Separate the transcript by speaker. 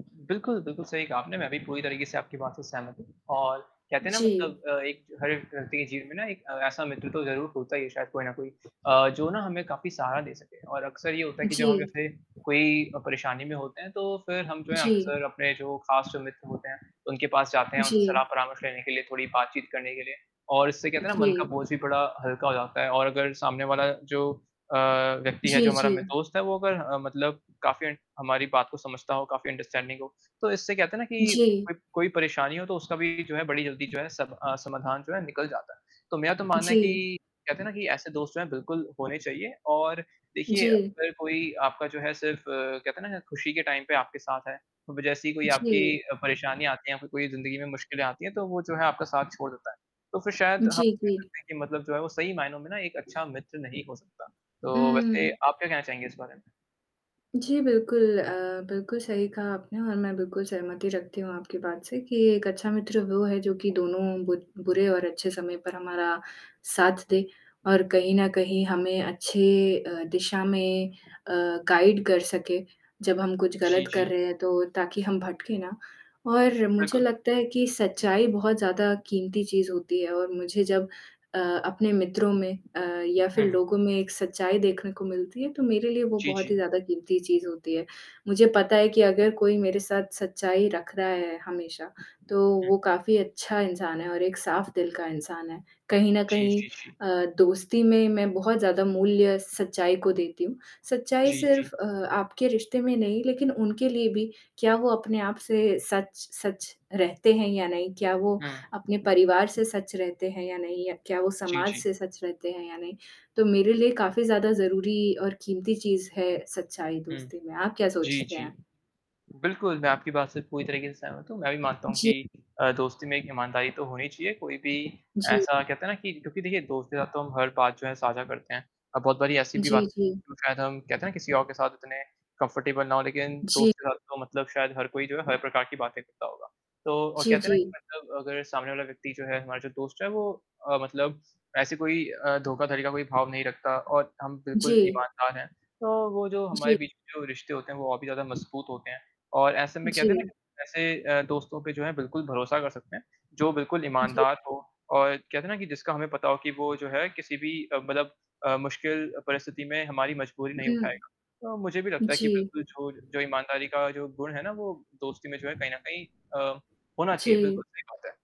Speaker 1: बिल्कुल, बिल्कुल सही कहा आपने मैं भी पूरी तरीके से आपकी बात से सहमत हूँ और कहते हैं ना
Speaker 2: जी।
Speaker 1: मतलब अ, एक हर व्यक्ति के जीवन में ना एक अ, ऐसा मित्र तो ज़रूर होता है शायद कोई ना कोई अ, जो ना हमें काफ़ी सहारा दे सके। और अक्सर ये होता है कि जब हम
Speaker 2: जी।
Speaker 1: जैसे कोई अ, परेशानी में होते हैं तो फिर हम जो है
Speaker 2: जी।
Speaker 1: अक्सर अपने जो ख़ास जो मित्र होते हैं उनके पास जाते हैं, उनसे सलाह
Speaker 2: जी।
Speaker 1: परामर्श लेने के लिए थोड़ी बातचीत करने के लिए और इससे कहते हैं ना मन का
Speaker 2: जी।
Speaker 1: बोझ भी बड़ा हल्का हो जाता है और अगर सामने वाला जो अ, व्यक्ति है जो
Speaker 2: जी,
Speaker 1: हमारा मि
Speaker 2: जी।
Speaker 1: दोस्त है वो अगर अ, मतलब काफ़ी हमारी बात को समझता हो काफ़ी अंडरस्टैंडिंग हो, तो इससे कहते हैं ना कि
Speaker 2: जी।
Speaker 1: कोई कोई परेशानी हो तो उसका भी जो है बड़ी जल्दी जो है सब अ, समाधान जो है निकल जाता है। तो मेरा तो मानना है
Speaker 2: जी।
Speaker 1: कि कहते हैं ना कि ऐसे दोस्त जो हैं बिल्कुल होने चाहिए और देखिए
Speaker 2: जी।
Speaker 1: अगर कोई आपका जो है सिर्फ़ अ, कहते हैं ना खुशी के टाइम पे आपके साथ है, अब जैसी कोई आपकी
Speaker 2: जी।
Speaker 1: अ, परेशानी आती है या फिर कोई ज़िंदगी में मुश्किलें आती हैं, तो वो जो है आपका साथ छोड़ देता है। तो फिर शायद हम
Speaker 2: जी,
Speaker 1: कह
Speaker 2: जी।
Speaker 1: सकतें हैं कि मतलब जो है वो सही मायनों में ना एक अच्छा मित्र नहीं हो सकता। तो वैसे
Speaker 2: उम
Speaker 1: आप क्या कहना चाहेंगे इस बारे में?
Speaker 2: जी, बिल्कुल अ, बिल्कुल सही कहा आपने और मैं बिल्कुल सहमति रखती हूँ आपकी बात से कि एक अच्छा मित्र वो है जो कि दोनों बु बुरे और अच्छे समय पर हमारा साथ दे और कहीं न कहीं हमें अच्छे अ, दिशा में अ, गाइड कर सके जब हम कुछ
Speaker 1: जी,
Speaker 2: गलत कर
Speaker 1: जी।
Speaker 2: रहे हैं तो ताकि हम भटके ना और मुझे
Speaker 1: बिल्कुल।
Speaker 2: लगता है कि सच्चाई बहुत ज़्यादा क़ीमती चीज़ होती है और मुझे जब अ, अपने मित्रों में अ, या फिर
Speaker 1: हुँ।
Speaker 2: लोगों में एक सच्चाई देखने को मिलती है तो मेरे लिए वो
Speaker 1: जी,
Speaker 2: बहुत ही
Speaker 1: जी।
Speaker 2: ज़्यादा क़ीमती चीज़ होती है। मुझे पता है कि अगर कोई मेरे साथ सच्चाई रख रहा है हमेशा तो
Speaker 1: हुँ।
Speaker 2: वो काफ़ी अच्छा इंसान है और एक साफ दिल का इंसान है, कहीं न
Speaker 1: जी,
Speaker 2: कहीं
Speaker 1: जी, जी।
Speaker 2: अ, दोस्ती में मैं बहुत ज़्यादा मूल्य सच्चाई को देती हूँ। सच्चाई
Speaker 1: जी, जी।
Speaker 2: सिर्फ अ, आपके रिश्ते में नहीं लेकिन उनके लिए भी क्या वो अपने आप से सच-सच रहते हैं या नहीं? क्या वो
Speaker 1: हुँ।
Speaker 2: अपने परिवार से सच रहते हैं या नहीं? या क्या वो
Speaker 1: जी,
Speaker 2: समाज
Speaker 1: जी।
Speaker 2: से सच रहते हैं या नहीं? तो मेरे लिए काफ़ी ज़्यादा ज़रूरी और क़ीमती चीज़ है सच्चाई
Speaker 1: हुँ।
Speaker 2: दोस्ती में। आप क्या
Speaker 1: जी,
Speaker 2: सोचते
Speaker 1: जी।
Speaker 2: हैं?
Speaker 1: बिल्कुल मैं आपकी बात से पूरी तरीके से सहमत हूँ, मैं भी मानता हूँ कि
Speaker 2: जी।
Speaker 1: अ, दोस्ती में एक ईमानदारी तो होनी चाहिए, कोई भी
Speaker 2: जी।
Speaker 1: ऐसा कहते हैं ना कि क्योंकि देखिए दोस्त के साथ तो हम हर बात जो है साझा करते हैं। अ, बहुत बारी ऐसी भी बात
Speaker 2: जी, जी।
Speaker 1: जो शायद हम कहते हैं ना किसी और के साथ इतने कम्फर्टेबल ना हो, लेकिन
Speaker 2: जी।
Speaker 1: दोस्त के साथ तो मतलब शायद हर कोई जो है, हर प्रकार की बातें करता होगा। तो और
Speaker 2: जी,
Speaker 1: कहते हैं ना
Speaker 2: जी।
Speaker 1: कि मतलब अगर सामने वाला व्यक्ति जो है हमारा जो दोस्त है वो अ, मतलब ऐसे कोई अ, धोखाधड़ी का कोई भाव नहीं रखता और हम बिल्कुल
Speaker 2: जी।
Speaker 1: ईमानदार हैं तो वो जो हमारे
Speaker 2: जी।
Speaker 1: बीच में जो रिश्ते होते हैं, वो और भी ज़्यादा मज़बूत होते हैं और ऐसे में कहते हैं ना
Speaker 2: जी।
Speaker 1: कि ऐसे अ, दोस्तों पे जो है बिल्कुल भरोसा कर सकते हैं, जो बिल्कुल
Speaker 2: जी।
Speaker 1: ईमानदार हो और कहते हैं ना कि जिसका हमें पता हो कि वो जो है किसी भी अ, मतलब अ, मुश्किल परिस्थिति में हमारी मजबूरी नहीं
Speaker 2: हुँ।
Speaker 1: उठाएगा। अ, मुझे भी लगता है कि
Speaker 2: जी।
Speaker 1: बिल्कुल जो जो ईमानदारी का जो गुण है ना, वो दोस्ती में जो है कहीं न कहीं अ, होना चाहिए
Speaker 2: जी।
Speaker 1: बिल्कुल, सही बात है।